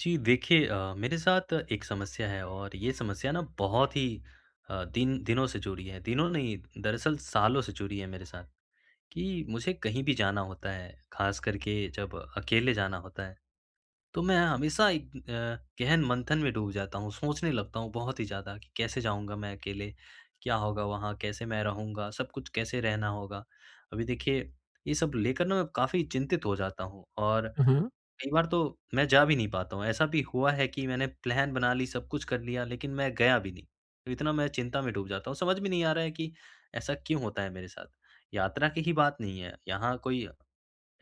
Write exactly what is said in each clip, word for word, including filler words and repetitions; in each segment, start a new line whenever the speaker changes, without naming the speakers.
जी देखिए अ, मेरे साथ एक समस्या है, और ये समस्या ना बहुत ही, अ, दिन दिनों से जुड़ी है दिनों नहीं, दरअसल सालों से जुड़ी है मेरे साथ। कि मुझे कहीं भी जाना होता है, खास कर के जब अकेले जाना होता है। तो मैं हमेशा एक अ, गहन मंथन में डूब जाता हूँ, सोचने लगता हूँ बहुत ही ज़्यादा, कि कैसे जाऊँगा मैं अकेले, क्या होगा वहाँ, कैसे मैं रहूँगा, सब कुछ कैसे रहना होगा? अभी देखिए ये सब लेकर ना, मैं काफ़ी चिंतित हो जाता हूँ, और
उहुँ।
कई बार तो, मैं जा भी नहीं पाता हूँ, ऐसा भी हुआ है कि मैंने प्लान बना ली, सब कुछ कर लिया। लेकिन मैं गया भी नहीं, तो इतना मैं चिंता में डूब जाता हूँ। समझ में नहीं आ रहा है, कि ऐसा क्यों होता है मेरे साथ? यात्रा की ही बात नहीं है, यहाँ कोई अ,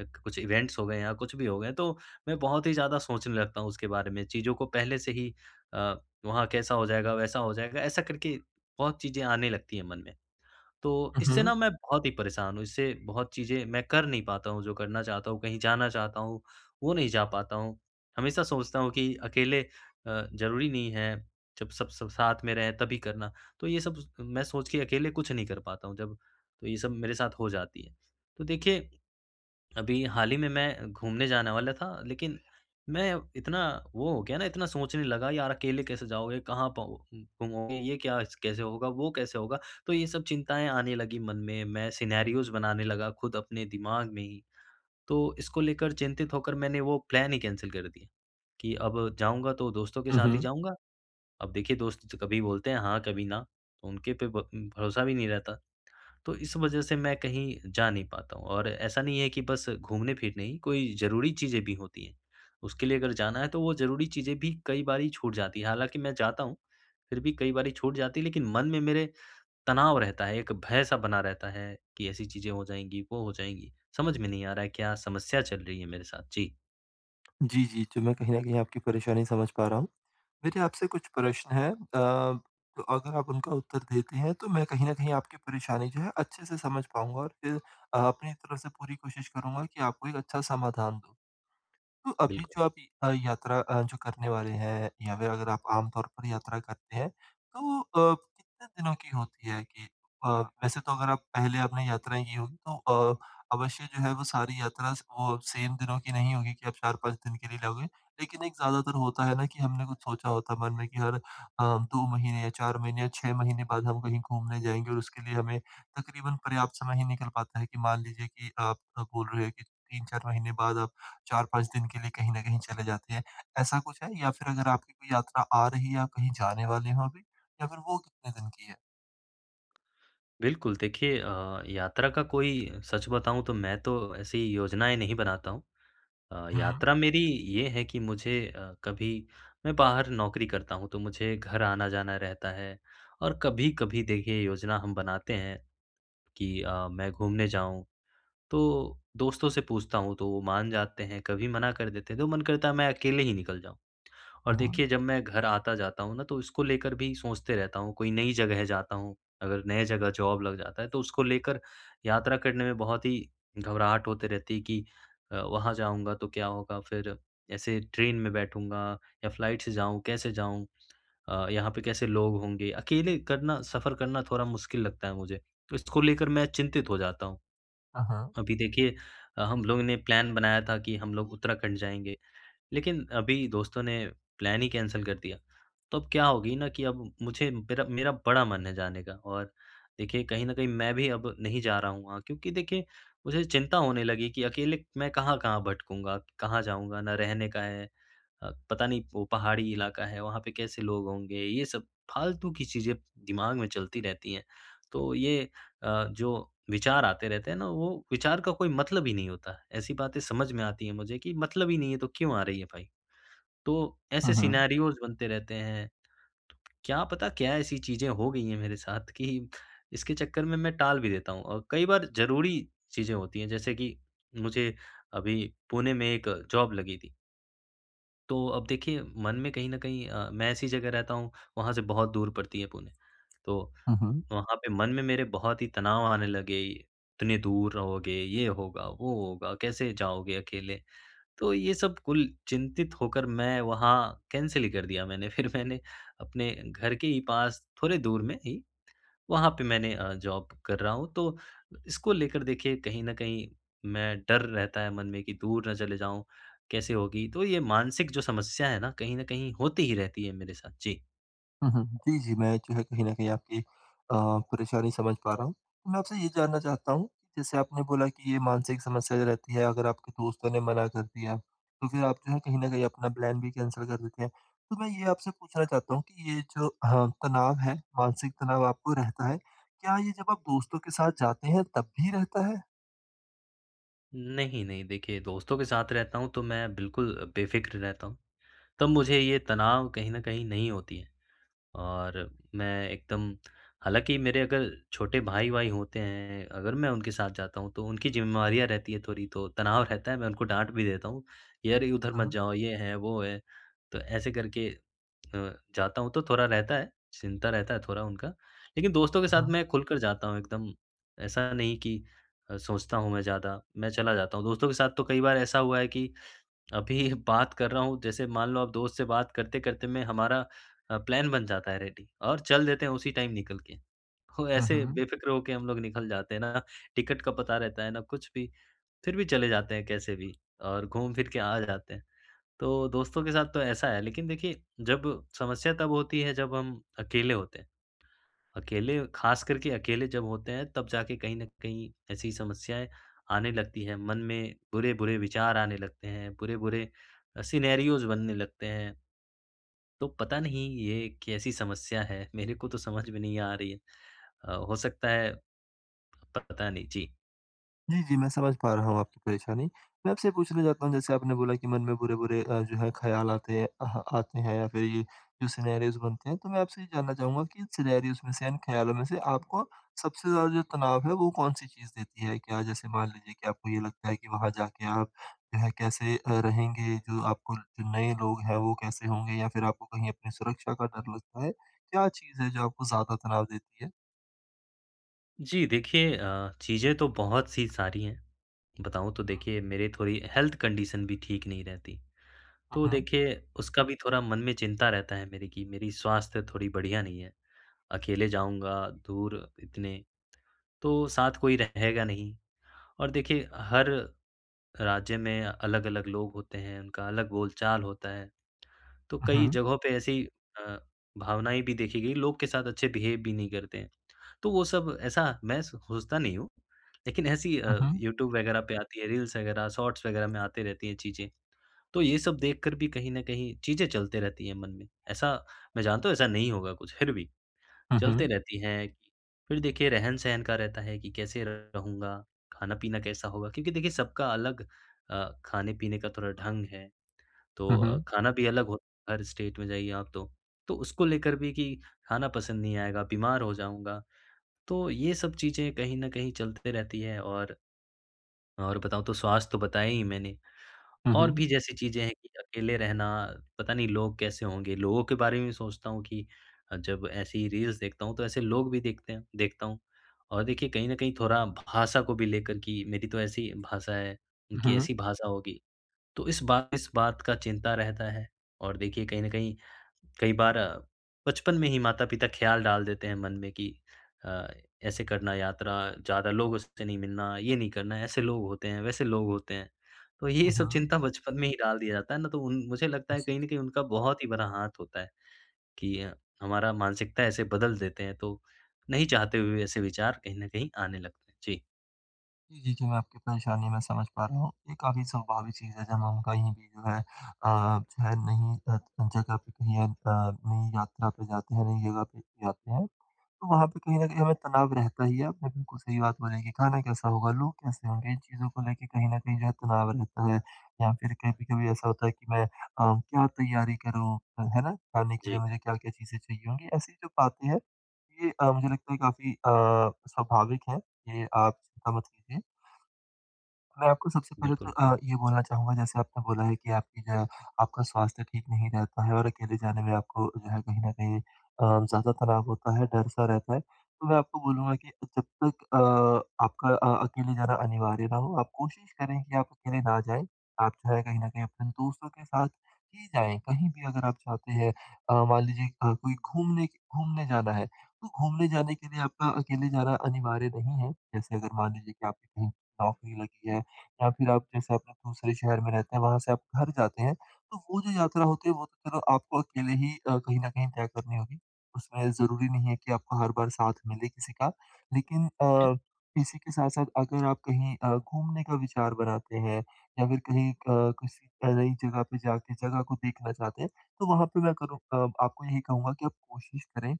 अक कुछ इवेंट्स हो गए या कुछ भी हो गए, तो मैं बहुत ही ज़्यादा सोचने लगता हूँ, उसके बारे में। चीज़ों को पहले से ही अ, वहाँ कैसा हो जाएगा? वैसा हो जाएगा? ऐसा करके बहुत चीज़ें आने लगती है मन में। तो इससे
उहुँ।
ना मैं बहुत ही परेशान हूँ, इससे बहुत चीज़ें मैं कर नहीं पाता हूँ, जो करना चाहता हूँ, कहीं जाना चाहता हूँ, वो नहीं जा पाता हूँ। हमेशा सोचता हूँ कि अकेले अ, ज़रूरी नहीं है, जब सब सब साथ में रहें तभी करना। तो ये सब स मैं सोच के अकेले कुछ नहीं कर पाता हूँ जब, तो ये सब मेरे साथ हो जाती है। तो देखिए, अभी हाल ही में मैं घूमने जाने वाला था, लेकिन मैं इतना वो हो गया ना इतना सोचने लगा यार अकेले कैसे जाओगे कहाँ पाओ घूमोगे, ये क्या कैसे होगा, वो कैसे होगा, तो ये सब चिंताएँ आने लगीं मन में, मैं सिनेरियोज़ बनाने लगा, खुद अपने दिमाग में ही। तो इसको लेकर चिंतित होकर मैंने वो प्लान ही कैंसल कर दिया, कि अब जाऊँगा तो दोस्तों के साथ ही
उहुँ।
जाऊँगा। अब देखिए दोस्त च कभी बोलते हैं हाँ, कभी ना, तो उनके पे ब भरोसा भी नहीं रहता। तो इस वजह से मैं कहीं जा नहीं पाता हूँ, और ऐसा नहीं है कि बस घूमने-फिरने ही कोई ज़रूरी चीज़ें भी होती हैं। उसके लिए अगर जाना है तो वो ज़रूरी चीज़ें भी कई बारी छूट जाती हैं। हालाँकि मैं जाता हूँ, फिर भी कई बारी छूट जाती है, लेकिन मन में मेरे तनाव रहता है, एक भय-सा बना रहता है कि ऐसी चीज़ें हो जाएँगी, वो हो जाएँगी, समझ में नहीं आ रहा है क्या समस्या चल रही है मेरे साथ? जी।
जी, जी तो मैं कहीं न कहीं आपकी परेशानी समझ पा रहा हूँ। मेरे आपसे कुछ प्रश्न हैं। अ, अगर आप उनका उत्तर देते हैं तो मैं कहीं न कहीं आपकी परेशानी जो है अच्छे से समझ पाऊँगा और फिर अपनी तरफ से पूरी कोशिश करूँगा कि आपको एक अच्छा समाधान दूँ। तो अभी
बिल्कुल।
जो आप य अ, यात्रा अ, जो करने वाले हैं या फिर अगर आप आम तौर पर यात्रा करते हैं। तो अ, कितने दिनों की होती है कि अ, वैसे तो अगर आप पहले आपने यात्राएँ की होगी तो अ, अवश्य जो है वो सारी यात्रा स वो सेम दिनों की नहीं होगी कि आप चार पाँच दिन के लिए जाओगे। लेकिन एक ज़्यादातर होता है ना कि हमने कुछ सोचा होता मन में कि हर अ, दो महीने या चार महीने या छह महीने बाद हम कहीं घूमने जाएँगे और उसके लिए हमें तकरीबन पर्याप्त समय ही निकल पाता है कि मान लीजिए कि आप आप बोल रहे हो कि तीन चार महीने बाद आप चार पाँच दिन के लिए कहीं न कहीं चले जाते हैं। ऐसा कुछ है या फिर अगर आपकी कोई यात्रा आ रही है या कहीं जाने वाले हो अभी या फिर वो कितने दिन की है?
बिल्कुल देखिए अ, यात्रा का कोई सच बताऊँ तो मैं तो ऐसी योजनाएँ नहीं बनाता हूँ। अ,
हुँ।
यात्रा मेरी ये है कि मुझे अ, कभी मैं बाहर नौकरी करता हूँ तो मुझे घर आना-जाना रहता है और कभी-कभी देखिए योजना हम बनाते हैं कि अ, मैं घूमने जाऊँ। तो दोस्तों से पूछता हूँ तो वो मान जाते हैं कभी मना कर देते हैं। तो मन करता है मैं अकेले ही निकल जाऊँ। और
उहुँ।
देखिए जब मैं घर आता-जाता हूँ न तो उसको लेकर भी सोचते रहता हूँ। कोई नई जगह जाता हूँ अगर नए जगह जॉब लग जाता तो उसको लेकर यात्रा करने में बहुत ही घबराहट होते रहती कि अ, वहाँ जाऊँगा तो क्या होगा? फिर ऐसे ट्रेन में बैठूँगा या फ़्लाइट से जाऊँ कैसे जाऊँ? अ, यहाँ पे कैसे लोग होंगे? अकेले करना सफ़र करना थोड़ा मुश्किल लगता है मुझे। तो इसको लेकर मैं चिंतित हो जाता हूँ।
हाँ, हाँ।
अभी देखिए अ, हम लोगों ने प्लान बनाया था कि हम लोग उत्तराखंड जाएँगे। लेकिन अभी दोस्तों ने प्लान ही कैंसल कर दिया। तो अब क्या होगी न कि अब मुझे मेरा मेरा बड़ा मन है जाने का और देखिए कहीं न कहीं मैं भी अब नहीं जा रहा हूँ वहाँ क्योंकि देखिए मुझे चिंता होने लगी कि अकेले मैं कहाँ-कहाँ भटकूँगा? कहाँ जाऊँगा? ना रहने का है। अ, पता नहीं वो पहाड़ी इलाका है, वहाँ पे कैसे लोग होंगे? ये सब फ़ालतू की चीज़ें दिमाग में चलती रहती हैं। तो ये अ, जो विचार आते रहते हैं ना वो विचार का कोई मतलब ही नहीं होता। ऐसी बातें समझ में आती हैं मुझे कि मतलब ही नहीं है तो क्यों आ रही है भई? तो
हुँ,
ऐसे
हुँ।
सिनेरियोज़ बनते रहते हैं। क्या पता क्या ऐसी चीज़ें हो गई हैं मेरे साथ कि इसके चक्कर में मैं टाल भी देता हूँ औ कई बार ज़रूरी चीज़ें होती हैं जैसे कि मुझे अभी पुणे में एक जॉब लगी थी। तो, अब देखिए मन में कहीं न कहीं अ, मैं ऐसी जगह रहता हूँ, वहाँ से बहुत दूर पड़ती है पुणे। तो
हुँ, हुँ।
वहाँ पे मन में मेरे बहुत ही तनाव आने लगे, इतने दूर रहोगे, ये होगा, वो होगा, कैसे जाओगे अकेले? तो ये सब कुल चिंतित होकर मैं वहाँ कैंसल ही कर दिया मैंने। फिर मैंने अपने घर के ही पास थोड़े दूर में ही, वहाँ पे मैंने अ, जॉब कर रहा हूँ, तो इसको लेकर देखिए कहीं न कहीं मैं डर रहता है, मन में कि दूर न चले जाऊँ? कैसे होगी? तो यह मानसिक जो समस्या है ना, कहीं न कहीं होती ही रहती है मेरे साथ, जी।
हुँ, हुँ। जी, जी मैं जो है कहीं न कहीं आपकी अ, परेशानी समझ पा रहा हूँ। तो मैं आपसे ये जानना चाहता हूँ, कि जैसे आपने बोला कि ये मानसिक समस्या जो रहती है, अगर आपके दोस्तों ने मना कर दिया, तो फिर आप जो है, कहीं न कहीं अपना प्लान भी कैंसल कर देते हैं। तो मैं ये आपसे पूछना
हाँ।
चाहता हूँ कि ये जो अ, तनाव है, मानसिक तनाव आपको रहता है, क्या ये जब आप दोस्तों के साथ जाते हैं तब भी रहता है?
नहीं, नहीं, देखिए, दोस्तों के साथ रहता हूँ, तो मैं बिल्कुल बेफिक्र रहता हूँ। तब मुझे ये तनाव कहीं न कहीं नहीं होती है। और मैं एकदम हालाँकि मेरे अगर छोटे भाई-वाई होते हैं, अगर मैं उनके साथ जाता हूँ, तो उनकी ज़िम्मेवारियाँ रहती है थोड़ी, तो तनाव रहता है, मैं उनको डाँट भी देता हूँ, यार उधर मत
हुँ।
जाओ ये है, वो है, तो ऐसे करके अ, जाता हूँ तो थोड़ा रहता है, चिंता रहता है, थोड़ा उनका। लेकिन दोस्तों के साथ
ऊँहुँ।
मैं खुलकर जाता हूँ ,एकदम ऐसा नहीं कि अ, सोचता हूँ मैं ज़्यादा, मैं चला जाता हूँ। दोस्तों के साथ तो कई बार ऐसा हुआ है, कि अभी बात कर रहा हूँ, जैसे मान लो आप दोस्त से बात करते-करते मैं हमारा प्लान बन जाता है, रेडी और चल देते हैं उसी टाइम निकल के। तो
हुँ,
ऐसे
हुँ।
बेफिक्र हो के हम लोग निकल जाते हैं ना, टिकट का पता रहता है ना कुछ भी, फिर भी चले जाते हैं कैसे भी, और घूम फिर के आ जाते हैं। तो दोस्तों के साथ तो ऐसा है। लेकिन देखिए जब समस्या तब होती है, जब हम अकेले होते हैं। अकेले ख़ासकर के अकेले जब होते हैं तब जाके कहीं न कहीं ऐसी समस्याएँ आने लगती है, मन में बुरे-बुरे विचार आने लगते हैं, बुरे-बुरे अ सिनेरियोस बनने लगते हैं। तो पता नहीं ये कैसी समस्या है, मेरे को तो समझ में नहीं आ रही है। अ, हो सकता है पता नहीं, जी।
जी, जी। मैं समझ पा रहा हूँ आपकी परेशानी। मैं आपसे ये पूछना चाहता हूँ, जैसे आपने बोला कि मन में बुरे-बुरे अ, जो है ख़्याल आते हैं अह आते हैं या फ़िर ये जो सिनेरियोस बनते हैं। तो मैं आपसे ये जानना चाहूँगा कि सिनेरियोस में से, इन ख़्यालों में से आपको सबसे ज़्यादा जो तनाव है, वो कौन-सी चीज़ देती है? क्या जैसे मान लीजिए कि आपको ये लगता है कि वहाँ जा के आप वह कैसे अ, रहेंगे? जो आपको जो नए लोग हैं, वो कैसे होंगे? या फ़िर आपको कहीं अपनी सुरक्षा का डर लगता है, क्या चीज़ है जो आपको ज़्यादा तनाव देती है?
जी। देखिए अ, चीज़ें तो बहुत-सी सारी हैं। बताऊँ तो
हुँ।
देखिए मेरे थोड़ी हेल्थ कंडीशन भी ठीक नहीं रहती।
हुँ,
तो
हुँ।
देखिए उसका भी थोड़ा मन में चिंता रहता है मेरे की मेरी स्वास्थ्य थोड़ी बढ़िया नहीं है। अकेले जाऊँगा दूर इतने, तो साथ कोई रहेगा नहीं और देखिए हर राज्य में अलग-अलग लोग होते हैं, उनका अलग बोलचाल होता है, तो
हुँ,
कई
हुँ।
जगहों पर ऐसी अ, भावनाएँ भी देखी गई, लोग के साथ अच्छे बिहेव भी नहीं करते हैं। तो वो सब ऐसा मैं स सोचता नहीं हूँ, लेकिन ऐसी
हुँ,
अ,
हुँ।
यूट्यूब वग़ैरह पे आती है रील्स वग़ैरह शॉर्ट्स वग़ैरह में आती रहती हैं चीज़ें। तो ये सब देखकर भी कहीं न कहीं चीज़ें चलते रहती हैं मन में। ऐसा मैं जानता हूँ, ऐसा नहीं होगा कुछ, फ़िर भी
हुँ,
चलते
हुँ।
रहती हैं। फ़िर देखिए रहन-सहन का रहता है कि कैसे रहूँगा? खाना-पीना कैसा होगा? क्योंकि देखिए सबका अलग अ, खाने-पीने का थोड़ा ढंग है,
हुँ,
तो
हुँ।
खाना भी अलग होता है। हर स्टेट में जाइए आप तो, तो उसको लेकर भी कि खाना पसंद नहीं आएगा, बीमार हो जाऊँगा। तो ये सब चीज़ें कहीं न कहीं चलते रहती है और और बताऊँ तो स्वास्थ्य तो बताया ही मैंने।
हुँ,
और
हुँ।
भी जैसी चीज़ें हैं कि अकेले रहना पता नहीं लोग कैसे होंगे? लोगों के बारे में सोचता हूँ कि अ, जब ऐसी रील्स देखता हूँ तो ऐसे लोग भी देखते हैं देखता हूँ और देखिए कहीं न कहीं थोड़ा भाषा को भी लेकर की मेरी तो ऐसी भाषा है उनकी
हुँ, हुँ।
ऐसी भाषा होगी। तो इस बार इस बात का चिंता रहता है और देखिए कहीं न कहीं, कई बार अ, बचपन में ही माता-पिता ख़याल डाल देते हैं मन में कि अ, ऐसे करना यात्रा ज़्यादा लोग उससे नहीं मिलना ये नहीं करना ऐसे लोग होते हैं, वैसे लोग होते हैं। तो ये
हुँ,
सब
हुँ।
चिंता बचपन में ही डाल दिया जाता है ना, तो उन मुझे लगता
हुँ
है
जी।
कहीं न कहीं उनका बहुत ही बड़ा हाथ होता है कि हमारा मानसिकता ऐसे बदल देते हैं। तो नहीं चाहते हुए ऐसे विचार कहीं न कहीं आने लगते हैं। जी।
जी, जी, जी मैं आपकी परेशानी मैं समझ पा रहा हूँ। ये काफ़ी स्वाभाविक चीज़ है, जहाँ हम कहीं भी जो है अ अ, जो है नई अ, त जगह पे कहीं अ, नई यात्रा पे जाते हैं नई ज़गह पे जाते हैं, तो वहाँ पे कहीं न कहीं हमें तनाव रहता ही है। आपने बिल्कुल सही बात बोली है कि ख़ाना कैसा होगा लोग कैसे होंगे? इन चीज़ों को लेके, कहीं न कहीं, जो है तनाव रहता है। या फ़िर कभी-कभी ऐसा होता है कि मैं अ, क्या तैयारी करूँ? अ, है ना? ख़ाने के लिए
जी।
मुझे क्या-क्या चीज़ें चाहिए होंगी। ऐसी जो बातें हैं ये अ, मुझे लगता है काफ़ी अ, स्वाभाविक है। ये आप चिंता मत कीजिए। मैं आपको सबसे पहले तो
बिल्कुल।
अ, ये बोलना चाहूँगा जैसे आपने बोला है कि आपकी जो है आपका स्वास्थ्य ठीक नहीं रहता है और अकेले जाने में आपको जो है कहीं न कहीं अ, ज़्यादा तनाव होता है डर-सा रहता है। तो मैं आपको बोलूँगा कि जब तक अ आपका अ अकेले जाना अनिवार्य न हो आप कोशिश करें कि आप अकेले ना जाएँ। आप जो है कहीं न कहीं अपने दोस्तों के साथ ही जाएँ कहीं भी अगर आप जाते हैं। अ, मान लीजिए अ, कोई घूमने के घूमने जाना है, तो घूमने जाने के लिए आपका अकेले जाना अनिवार्य नहीं है। जैसे अगर मान लीजिए कि आपकी कहीं नौकरी लगी है या फ़िर आप जैसे अपने दूसरे शहर में रहते हैं वहाँ से आप घर जाते हैं तो वो जो यात्रा होती है वो तो चलो आपको अकेले ही अ, कहीं न कहीं तय करनी होगी। उसमें ज़रूरी नहीं है कि आपको हर बार साथ मिले किसी का। लेकिन
क्या?
अ, इसी के साथ-साथ अगर आप कहीं अ, घूमने का विचार बनाते हैं या फ़िर कहीं अ, किसी नई ज़गह पे जा के ज़गह को देखना चाहते हैं तो वहाँ पे मैं करूँ अ आपको यही कहूँगा कि आप कोशिश करें।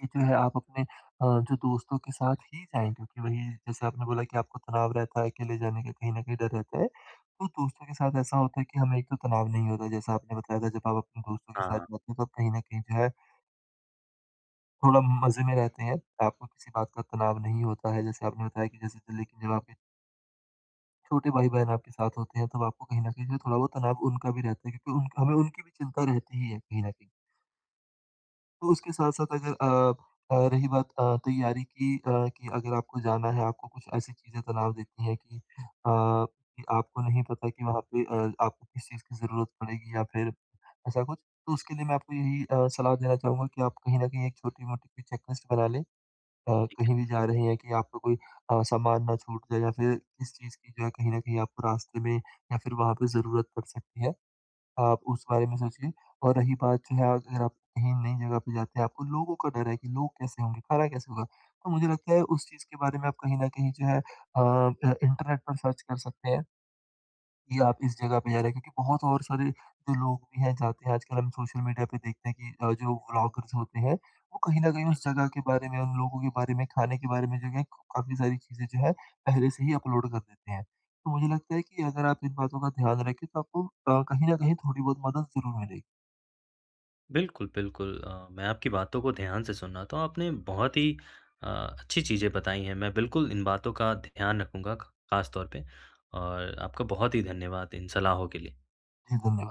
ये जो है आप अपने अ, जो दोस्तों के साथ ही जाएँगे क्योंकि वही जैसे आपने बोला कि आपको तनाव रहता है, अकेले जाने का कहीं न कहीं डर रहता है। तो दोस्तों के साथ ऐसा होता है कि हमें एक तो तनाव नहीं होता है, जैसा आपने बताया था जब आप अपने दोस्तों के साथ
हाँ।
जाते हैं तो आप कहीं न कहीं जो है थोड़ा मज़े में रहते हैं। आपको किसी बात का तनाव नहीं होता है। जैसे आपने बताया कि जैसे दिल्ली के [unintelligible] के छोटे भाई-बहन आपके साथ होते हैं तो आपको कहीं न कहीं जो थोड़ा बहुत तनाव उनका भी रहता है क्योंकि उनका हमें उनकी भी चिंता रहती ही है कहीं न कहीं। तो उसके साथ-साथ अगर अ अ, रही बात अ, तैयारी की अ, कि अगर आपको जाना है आपको कुछ ऐसी चीज़ें तनाव देती हैं कि अ, कि आपको नहीं पता कि वहाँ पे अ, आपको किस चीज़ की ज़रूरत पड़ेगी या फिर ऐसा कुछ? तो उसके लिए मैं आपको यही अ, सलाह देना चाहूँगा कि आपको कहीं न कहीं एक छोटी-मोटी सी चेक लिस्ट बना लें। अ,
ठीक
कहीं
है।
भी जा रहे हैं कि आपका कोई अ, सामान ना छूट जाए या फिर किस चीज़ की जो कहीं न कहीं आपको रास्ते में या फिर वहाँ पे ज़रूरत पड़ सकती है। आप उस बारे में सोचिए और रही बात जो है अगर आप कहीं नई जगह पे जाते हैं आपको लोगों का डर है कि लोग कैसे होंगे? खाना कैसे होगा? तो मुझे लगता है उस चीज़ के बारे में आप कहीं न कहीं जो है अ अ, इंटरनेट पर सर्च कर सकते हैं। कि आप इस जगह पे जा रहे हैं। क्योंकि बहुत और सारे जो लोग भी हैं जाते हैं आजकल हम सोशल मीडिया पे देखते हैं कि अ, जो ब्लॉगर्स होते हैं वो कहीं न कहीं
जी।
उस जगह के बारे में, उन लोगों के बारे में, खाने के बारे में जो एक काफ़ी सारी चीज़ें जो हैं पहले से ही अपलोड कर देते हैं। तो मुझे लगता है कि अगर आप इन बातों का ध्यान रखें तो आपको अ, कहीं न कहीं थोड़ी बहुत मदद ज़रूर मिलेगी।
बिल्कुल, बिल्कुल अ, मैं आपकी बातों को ध्यान से सुना तो आपने बहुत ही अ, अच्छी चीज़ें बताई हैं, मैं बिल्कुल इन बातों का ध्यान रखूँगा ख खास तौर पे। और आपका बहुत ही धन्यवाद इन सलाहों के लिए।
जी, धन्यवाद।